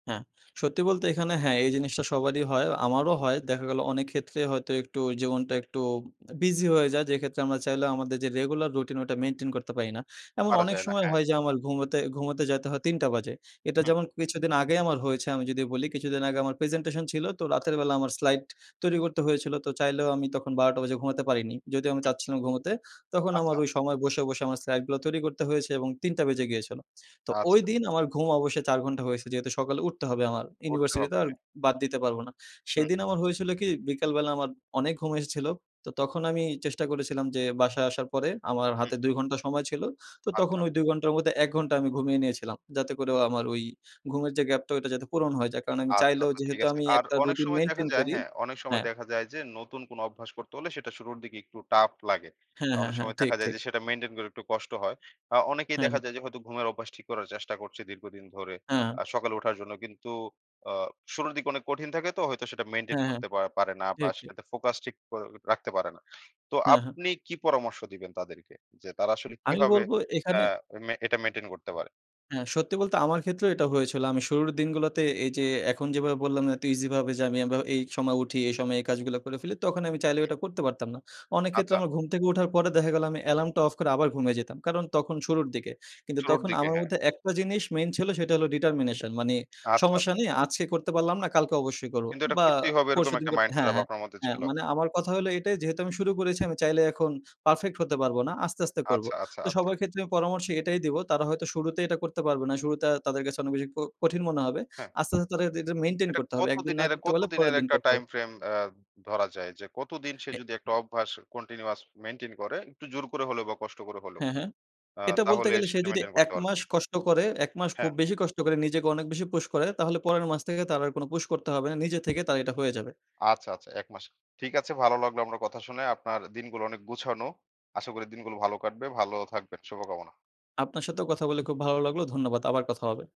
হ্যাঁ, সত্যি বলতে এখানে হ্যাঁ, এই জিনিসটা সবারই হয়। আমারও হয়। দেখা গেল অনেক ক্ষেত্রে হয়তো একটু জীবনটা একটু বিজি হয়ে যায়। যেক্ষেত্রে আমরা চাইলেও আমাদের যে রেগুলার রুটিন ওইটা মেইনটেইন করতে পারি না। এমন পারা অনেক যায় না, সময় হ্যাঁ। হয় যে আমার ঘুমোতে ঘুমাতে যেতে হয় ৩ঃ০০ টা বাজে। এটা হুম। যেমন কিছুদিন আগেই আমার হয়েছে আমি যদি বলি, কিছুদিন আগে আমার প্রেজেন্টেশন ছিল তো রাতের বেলা আমার স্লাইড তৈরি করতে হয়েছিল। তো চাইলেও আমি তখন ১২ঃ০০ টা বাজে ঘুমাতে পারিনি। যদিও আমি হু। চাচ্ছিলাম ঘুমোতে তখন আমার আচ্ছা। ওই সময় বসে, বসে আমার স্লাইডগুলা তৈরি করতে হয়েছে এবং ৩ঃ০০ টা বেজে গিয়েছিল। তো আচ্ছা। ঐদিন আমার ঘুম অবশ্যই ৪ ঘণ্টা হয়েছে। যেহেতু সকালে উঠতে হবে আমার করতে ইউনিভার্সিটি তো হবে আর হ্যাঁ। বাদ দিতে পারব না। হুম। সেদিন আমার হয়েছিল কি বিকালবেলা আমার অনেক ঘুম এসেছিল। তো তখন আমি চেষ্টা করেছিলাম যে বাসায় আসার পরে আমার হুম। হাতে ২ ঘন্টা সময় ছিল। তো তখন আচ্ছা। ওই ২ ঘন্টার মধ্যে ১ ঘন্টা আমি ঘুমিয়ে নিয়েছিলাম। যাতে করেও আমার ওই ঘুমের যে গ্যাপ টা যাতে পূরণ হয়ে যায়। কারণ আমি আচ্ছা, চাইলেও আচ্ছা ঠিক যেহেতু আছে। আমি আর একটা অনেক রুটিন সময় দেখা মেইনটেইন যায় করি হ্যাঁ, অনেক সময় হ্যাঁ। দেখা যায় যে নতুন কোন অভ্যাস করতে হলে সেটা শুরুর দিকে একটু টাফ লাগে। হ্যাঁ, হ্যাঁ, অনেক হ্যাঁ সময় ঠিক, দেখা যায় ঠিক। যে সেটা মেইনটেইন করে একটু কষ্ট হয়। আ অনেকেই হ্যাঁ, দেখা হ্যাঁ। যায় যে হয়তো ঘুমের অভ্যাস ঠিক করার চেষ্টা করছে দীর্ঘদিন ধরে হ্যাঁ। আ সকালে উঠার জন্য। কিন্তু আ শুরুর দিকে অনেক কঠিন থাকে তো হয়তো সেটা মেইনটেইন হ্যাঁ, হ্যাঁ, করতে পা পারে না বা ঠিক, ঠিক। সেটাতে ফোকাস ঠিক ক আ রাখতে পারে না। তো হ্যাঁ, হ্যাঁ। আপনি কি পরামর্শ দিবেন তাদেরকে যে তারা আসলে আমি কিভাবে বলব অ্যা এখানে মে এটা মেইনটেইন করতে পারে? হ্যাঁ, সত্যি বলতে আমার ক্ষেত্রেও এটা হয়েছিল। আমি শুরুর দিনগুলাতে এই যে এখন যেভাবে বললাম এত ইজি ভাবে যে আমি আবা এই সময় উঠি এই সময়ে এই কাজগুলা করে ফেলি। তখন আমি চাইলেও এটা করতে পারতাম না। অনেক ক্ষেত্রে আচ্ছা। আমার ঘুম থেকে উঠার পরে দেখা গেলো আমি এলার্মটা অফ করে আবার ঘুমায় যেতাম। কারণ তখন শুরুর দিকে। কিন্তু শুরুর তখন দিকে আমার হ্যাঁ। মধ্যে একটা জিনিস মেইন ছিল সেটা হল determination মানে আচ্ছা, সমস্যা আচ্ছা। নেই আজকে করতে পারলাম না। কালকে অবশ্যই করব। কিন্তু এটা বা করতেই হবে এরকম পরশুদিন একটা করতে মাইন্ড সেট হ্যাঁ, আপ হ্যাঁ, আপনার মধ্যে হ্যাঁ ছিল? মানে আমার কথা হইলো এটাই যেহেতু আমি শুরু করেছি আমি চাইলে এখন পারফেক্ট হতে পারব না। আস্তে, আস্তে করব। আচ্ছা, আচ্ছা, তো আচ্ছা। সবার ক্ষেত্রে আমি পরামর্শ এটাই দিবো তারা হয়তো শুরুতেই এটা করতে পারবে না শুরুতে তাদের কাছে অনেক বেশি ক কঠিন মনে হবে। হ্যাঁ। আস্তে, আস্তে এটা মেইনটেইন এটা করতে হবে। কত একদিন না দিনের করতে কত পারলে দিনের পরের দিন একটা করতে টাইম হবে। ফ্রেম আ ধরা যায় যে কতদিন সে অ্যা যদি একটা অভ্যাস কন্টিনিউয়াস মেইনটেইন করে, একটু জোর করে হলেও বা কষ্ট করে হলেও, হ্যাঁ, হ্যাঁ। আ এটা বলতে তাহলে গেলে সে সেটা যদি মেইনটেইন ১ করতে পারবে? মাস কষ্ট করে, ১ মাস হ্যাঁ। খুব বেশি কষ্ট করে নিজেকে অনেক বেশি পুশ করে, তাহলে পরের মাস থেকে তার আর কোন পুশ করতে হবে না। নিজে থেকে তার এটা হয়ে যাবে। আচ্ছা, আচ্ছা ১ মাস। ঠিক আছে। ভালো লাগলো আমরা কথা শুনে। আপনার দিনগুলো অনেক গুছানো। আশা করি দিনগুলো ভালো কাটবে। ভালো থাকবেন। শুভকামনা। আপনার সাথেও কথা বলে খুব ভালো লাগলো। ধন্যবাদ আবার কথা হবে।